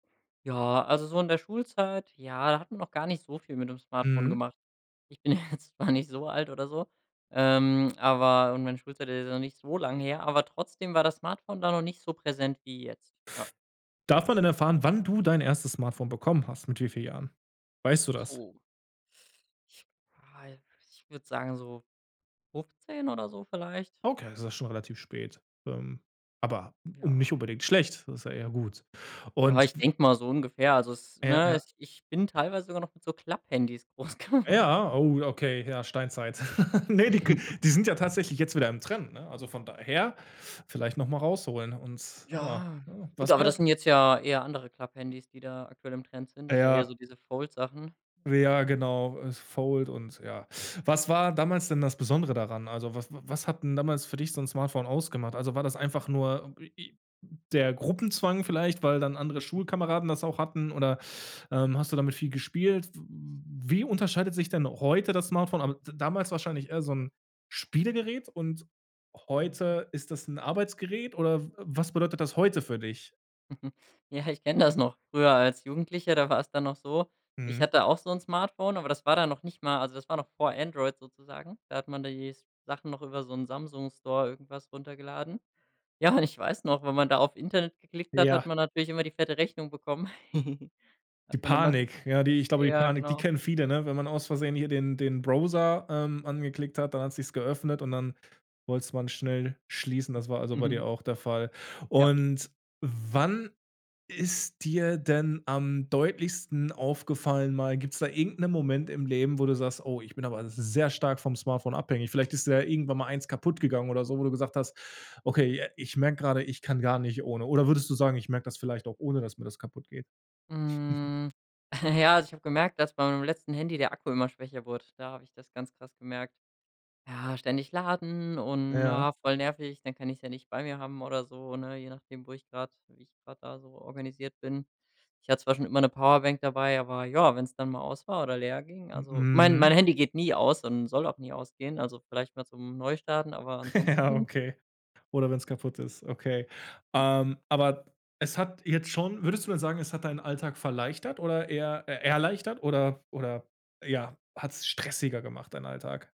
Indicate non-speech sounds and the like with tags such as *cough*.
Ja, also so in der Schulzeit, ja, da hatten wir noch gar nicht so viel mit dem Smartphone Mhm. gemacht. Ich bin ja jetzt noch nicht so alt oder so, ähm, aber und meine Schulzeit ist ja noch nicht so lang her, aber trotzdem war das Smartphone da noch nicht so präsent wie jetzt, ja. Darf man denn erfahren, wann du dein erstes Smartphone bekommen hast, mit wie viel Jahren? Weißt du das? Puh. Ich wa ich würde sagen so 15 oder so vielleicht. Okay, ist ja schon relativ spät, ähm, aber um nicht Ja. unbedingt schlecht. Das ist ja eher gut. Ja, Und ich w denk mal so ungefähr. Also es, Ja, ne, ja. es Ich bin teilweise sogar noch mit so Klapphandys groß geword Ja, oh, okay, ja, Steinzeit. *laughs* Ne, die k *chuckles* die sind ja tatsächlich jetzt wieder im Trend, ne? Also von daher, vielleicht noch mal rausholen, und ja, Ja. ne? Was Gut, aber das war sind jetzt ja eher andere Klapphandys, die da aktuell im Trend sind, da also eher so Ja. diese Fold-Sachen. Ja. Ja genau, es fold und ja. Was war damals denn das Besondere daran? Also, wa was hat denn damals für dich so 'n Smartphone ausgemacht? Also, war das einfach nur d i i der Gruppenzwang vielleicht, weil dann andere Schulkameraden das auch hatten, oder, ähm, hast du damit viel gespielt? W w wie unterscheidet sich denn heute das Smartphone? A aber damals wahrscheinlich eher so 'n Spielegerät und Mhm. heute ist das 'n Arbeitsgerät, oder w was bedeutet das heute für dich? *chuckles* Ja, ich kenne das noch. Früher als Jugendlicher, da war es dann noch so: Ich Mhm. hatte auch so 'n Smartphone, aber das war dann noch nicht mal also das war noch vor Android sozusagen. Da hat man da die Sachen noch über so 'n Samsung-Store irgendwas runtergeladen. Ja, und ich weiß noch, wenn man da auf Internet geklickt hat, Ja. hat man natürlich immer die fette Rechnung bekommen. *giggles* Die Hat man immer ge Panik, ja, die ich glaube, die Ja, Panik, die genau. kennen viele, ne? Wenn man aus Versehen hier den den Browser, ähm, angeklickt hat, dann hat sich's geöffnet, und dann wollte es man schnell schließen. Das war also bei dir *giggles* auch der Fall. Ja. Und wann ist dir denn am deutlichsten aufgefallen mal gibt's da irgend 'nen Moment im Leben, wo du sagst: „Oh, ich bin aber sehr stark vom Smartphone abhängig”? Vielleicht ist dir ja irgendwann mal eines kaputtgegangen oder so, wo du gesagt hast: „Okay, j ich merk grade, ich kann gar nicht ohne”? Oder würdest du sagen: „Ich merk das vielleicht auch ohne, dass mir das kaputtgeht”? *chuckles* Mhm. *giggles* Ja, also ich habe gemerkt, dass bei meinem letzten Handy der Akku immer schwächer wurde. Da habe ich das ganz krass gemerkt. Ja, ständig laden und, Ja. na, voll nervig, dann kann ich's ja nicht nicht bei mir haben oder so, ne? Je nachdem, wo ich grad wie ich grad da so organisiert bin. Ich hatte zwar schon immer 'ne Powerbank dabei, aber ja, wenn es dann mal aus war oder leer ging M Also, mein mein Mhm. Handy geht nie aus und soll auch nie ausgehen, also vielleicht mal zum Neustarten, aber *laughs* Ja, ansonsten okay. Oder wenn's kaputt ist, okay. Ähm, aber es hat jetzt schon würdest du denn sagen, es hat deinen Alltag verleichtert oder eher äh, erleichtert, oder oder ja hat's stressiger gemacht, deinen Alltag?